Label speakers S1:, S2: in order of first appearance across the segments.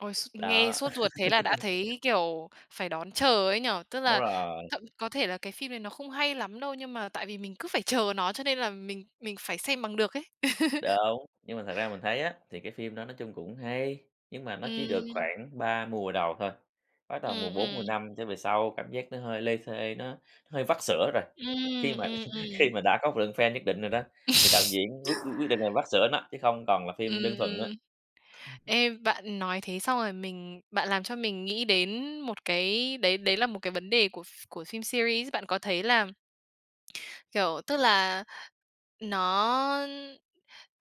S1: Ôi s nghe
S2: Đó.
S1: sốt ruột thế là đã thấy, kiểu, phải đón chờ ấy nhỉ, tức
S2: Đúng
S1: là
S2: rồi.
S1: thậm có thể là cái phim đấy nó không hay lắm đâu, nhưng mà tại vì mình cứ phải chờ nó cho nên là mình mình phải xem bằng được ấy.
S2: Đúng, nhưng mà thật ra mình thấy á, thì cái phim đó nói chung cũng hay, nhưng mà nó chỉ được
S1: Ừm.
S2: khoảng 3 mùa đầu thôi, bắt đầu
S1: Ừm,
S2: mùa 4 mùa
S1: ừm
S2: 5 trở về sau cảm giác nó hơi lê thê, nó hơi vắt sữa rồi. Khi
S1: Ừm,
S2: mà
S1: ừm,
S2: khi
S1: ừm
S2: mà đã có một lượng fan nhất định rồi đó, thì đạo diễn quyết quyết định là vắt sữa nó, chứ không còn là phim đơn
S1: Ừm,
S2: thuần nữa.
S1: ừm. Ê, bạn nói thế xong rồi mình bạn làm cho mình nghĩ đến một cái đấy đấy là một cái vấn đề của ph của phim series. Bạn có thấy là kiểu, tức là nó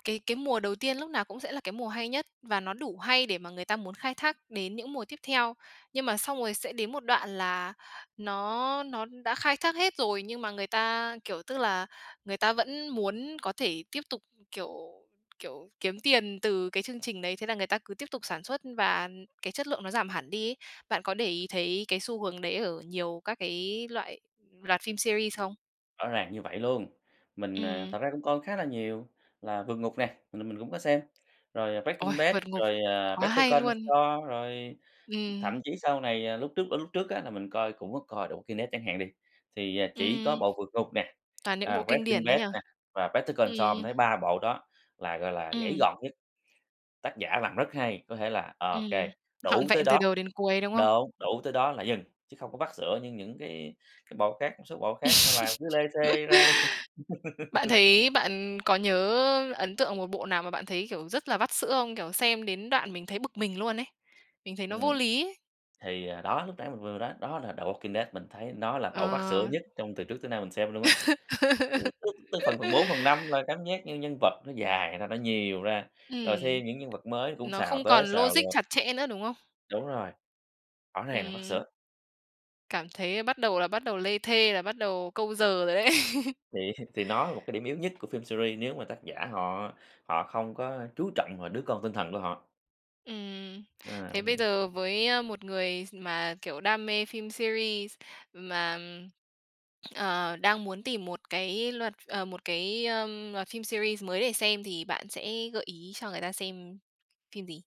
S1: cái cái mùa đầu tiên lúc nào cũng sẽ là cái mùa hay nhất và nó đủ hay để mà người ta muốn khai thác đến những mùa tiếp theo. Nhưng mà xong rồi sẽ đến một đoạn là nó nó đã khai thác hết rồi, nhưng mà người ta, kiểu, tức là người ta vẫn muốn có thể tiếp tục, kiểu, kiểu, kiếm tiền từ cái chương trình đấy, thế là người ta cứ tiếp tục sản xuất và cái chất lượng nó giảm hẳn đi ấy. Bạn có để ý thấy cái xu hướng đấy ở nhiều các cái loại loạt phim series. không?
S2: Rõ ràng như vậy luôn, mình, ờ,
S1: Ừm.
S2: thật ra cũng coi khá là nhiều là Vượt Ngục nè, mình là mình cũng có xem, rồi
S1: Ôi,
S2: Breaking Bad,
S1: Vượt Ngục
S2: rồi, ờ,
S1: quá
S2: Better
S1: hay
S2: Call
S1: luôn.
S2: Saul, rồi
S1: Ừm.
S2: thậm chí sau này ờ, lúc trước, ơ, lúc trước á là mình coi cũng có coi được The Walking Dead chẳng hạn đi, thì, ờ, chỉ có
S1: Ừm.
S2: bộ Vượt Ngục nè,
S1: Toàn những
S2: à,
S1: bộ kinh
S2: Breaking
S1: điển đấy
S2: Bad
S1: nhỉ.
S2: nè và Better Call
S1: Ừm.
S2: Saul mình thấy 3 bộ đó là, gọi là, gãy
S1: Ừm.
S2: gọn nhất. Tác giả làm rất hay, có thể là ô kê,
S1: Ừm. Trọn
S2: đủ tới
S1: vẹn từ
S2: đó.
S1: đầu đến cuối, đúng không?
S2: Đúng, đủ tới đó là dừng, chứ không có vắt sữa như những cái cái bộ khác, một số bộ khác làm cứ lê thê ra.
S1: Bạn thấy bạn có nhớ ấn tượng một bộ nào mà bạn thấy, kiểu, rất là vắt sữa không? Kiểu, xem đến đoạn mình thấy bực mình luôn ấy. Mình thấy nó vô
S2: Ừm.
S1: lý ấy.
S2: Thì, ờ, đó, lúc nãy mình vừa vừa nói, đó là The Walking Dead, mình thấy nó là bộ vắt sữa
S1: Ờ.
S2: nhất trong từ trước tới nay mình xem luôn á. [unintelligible] Tới phần phần 4, phần 5 là cảm giác những nhân vật nó dài ra, nó nhiều ra, rồi
S1: Ừm.
S2: thêm những nhân vật mới cũng
S1: Nó
S2: xào
S1: không
S2: tới
S1: còn
S2: xào
S1: logic
S2: lui.
S1: chặt chẽ nữa, đúng không?
S2: Đúng rồi. Rõ ràng là vắt sữa.
S1: Ừm. Cảm thấy bắt đầu là bắt đầu lê thê là bắt đầu câu giờ rồi đấy.
S2: Thì thì nó là một cái điểm yếu nhất của phim series nếu mà tác giả họ họ không có chú trọng vào đứa con tinh thần của họ.
S1: Ừm.
S2: À,
S1: Thế bây
S2: mình [unintelligible]
S1: giờ với, ơ, một người s mà, kiểu, đam mê phim series mà, ờ, đang muốn tìm một cái loạt ờ, một cái, ờm, loạt phim series mới để xem thì bạn sẽ gợi ý cho người ta xem phim gì?